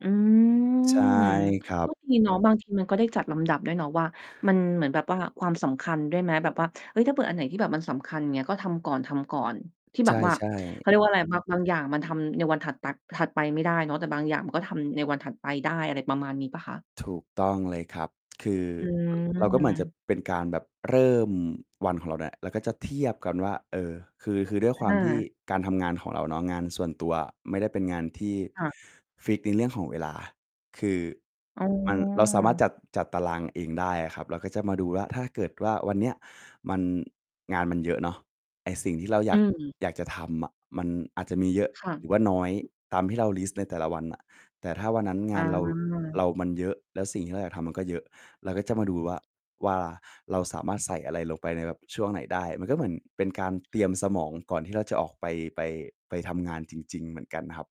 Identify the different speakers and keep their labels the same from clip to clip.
Speaker 1: อื
Speaker 2: ใช่
Speaker 1: อ
Speaker 2: ครั
Speaker 1: ก็
Speaker 2: บ
Speaker 1: ดีเนาะบางทีมันก็ได้จัดลำดับด้วยเนาะว่า มันเหมือนแบบว่าความสำคัญด้วยไหม แบบว่า เฮ้ย ถ้าเกิดอันไหนที่แบบมันสำคัญอย่างเงี้ย ก็ทำก่อน ๆ ที่
Speaker 2: ใช
Speaker 1: แบ
Speaker 2: ่
Speaker 1: บว่า เข
Speaker 2: ๆ
Speaker 1: าเรียกว่าอะไร บาง บางอย่างมันทำในวันถัด ป ถัดไปไม่ได้เนาะ แต่บางอย่างมันก็ทำในวันถัดไปได้ อะไรประมาณนี้เปล่าคะ?
Speaker 2: ถูกต้องเลยครับ คือ
Speaker 1: อื
Speaker 2: เราก็เหมือนจะ
Speaker 1: ม
Speaker 2: เป็นการแบบเริ่มวันของเราเนี่ย เราก็จะเทียบกันว่า เออ คือ คือด้วย
Speaker 1: อ
Speaker 2: ความที่
Speaker 1: ่า
Speaker 2: การทำงานของเราเนาะ งานส่วนตัวไม่ได้เป็นงานที่
Speaker 1: ค่ะ
Speaker 2: ฟิกซ์ในเรื่องของเวลา คือ
Speaker 1: อ๋
Speaker 2: มัน เราสามารถจ
Speaker 1: อ
Speaker 2: ัด จัดตารางเองได้อะครับ เราก็จะมาดูว่าถ้าเกิดว่าวันเนี้ยมัน งานมันเยอะเนาะ ไอ้สิ่งที่เราอย
Speaker 1: อื
Speaker 2: าก
Speaker 1: ม
Speaker 2: อยากจะทำอะมันอาจจะมีเยอะ
Speaker 1: ค่
Speaker 2: หรือว่า
Speaker 1: ะ
Speaker 2: น้อยตามที่เราลิสต์ในแต่ละวันน่ะ แต่ถ้าวันนั้นง
Speaker 1: อ
Speaker 2: านเรา เ
Speaker 1: า
Speaker 2: รามันเยอะแล้วสิ่งที่เราอยากทำมันก็เยอะ เราก็จะมาดูว่า ว่าเราสามารถใส่อะไรลงไปในแบบช่วงไหนได้ มันก็เหมือนเป็นการเตรียมสมองก่อนที่เราจะออกไป ไป ไปทำงานจริง ๆ เหมือนกันครับ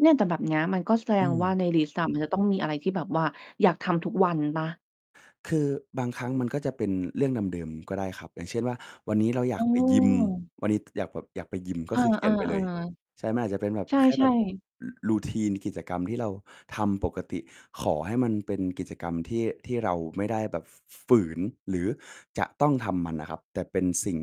Speaker 1: เนี่ยแต่แบบนี้มันก็แสด
Speaker 2: อื
Speaker 1: งว่า
Speaker 2: ม
Speaker 1: ในลิสต์อะมันจะต้องมีอะไรที่แบบว่าอยากทำทุกวันเปล่า?
Speaker 2: คือบางครั้งมันก็จะเป็นเรื่องเดิม ๆ ก็ได้ครับ อย่างเช่นว่า วันนี้เราอย
Speaker 1: อ
Speaker 2: า
Speaker 1: ื
Speaker 2: กไปยิม
Speaker 1: ม
Speaker 2: วันนี้อยากแบบ อยากไปยิมก
Speaker 1: เ
Speaker 2: ็
Speaker 1: ออ
Speaker 2: คือเขียนไปเลย
Speaker 1: ๆ
Speaker 2: ใช่มันอาจจะเป็นแบบ
Speaker 1: ๆ ใช
Speaker 2: แค่แบ
Speaker 1: ่
Speaker 2: บ
Speaker 1: ๆ
Speaker 2: routine กิจกรรมที่เราทำปกติขอให้มันเป็นกิจกรรมที่ ที่เราไม่ได้แบบ ฝ ฝืนหรือจะต้องทำมันนะครับ แต่เป็นสิ่ง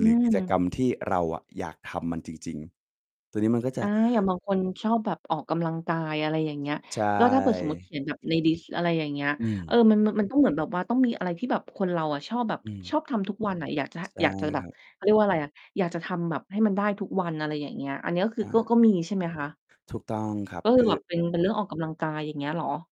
Speaker 1: อ
Speaker 2: ห
Speaker 1: ื
Speaker 2: รือกิจกร
Speaker 1: ม
Speaker 2: รมที่เราอะอยากทำมันจริง ๆ ตัวนี้มันก็จ
Speaker 1: อ
Speaker 2: ะ
Speaker 1: า อย่างบางคนชอบแบบออกกำลังกาย อะไรอย่างเงี้ย
Speaker 2: ใช
Speaker 1: ก็ถ้าเกิดสมมุติเข
Speaker 2: ่
Speaker 1: ียนแบบในลิสต์ อะไรอย่างเงี้ย
Speaker 2: อื
Speaker 1: เอ
Speaker 2: ม
Speaker 1: อ มัน มัน มันต้องเหมือนแบบว่าต้องมีอะไรที่แบบคนเราอะชอบแบบ
Speaker 2: อื
Speaker 1: ช
Speaker 2: ม
Speaker 1: อบทำทุกวันอะ อยากจะ
Speaker 2: ใช่
Speaker 1: อยากจะแบ
Speaker 2: คร
Speaker 1: บ
Speaker 2: ับ
Speaker 1: เขาเรียกว่าอะไรอะ อยากจะทำแบบให้มันได้ทุกวัน อะไรอย่างเงี้ย อันนี้ก็ค
Speaker 2: อ
Speaker 1: ือ
Speaker 2: า
Speaker 1: ก็ ก็มีใช่ไหมคะ?
Speaker 2: ถูกต้องครับ
Speaker 1: ก็ค
Speaker 2: ค
Speaker 1: ือ
Speaker 2: ื
Speaker 1: แ
Speaker 2: อ
Speaker 1: บบเป็น เป็นเรื่องออกกำลังกายอย่างเงี้ยเหรอ?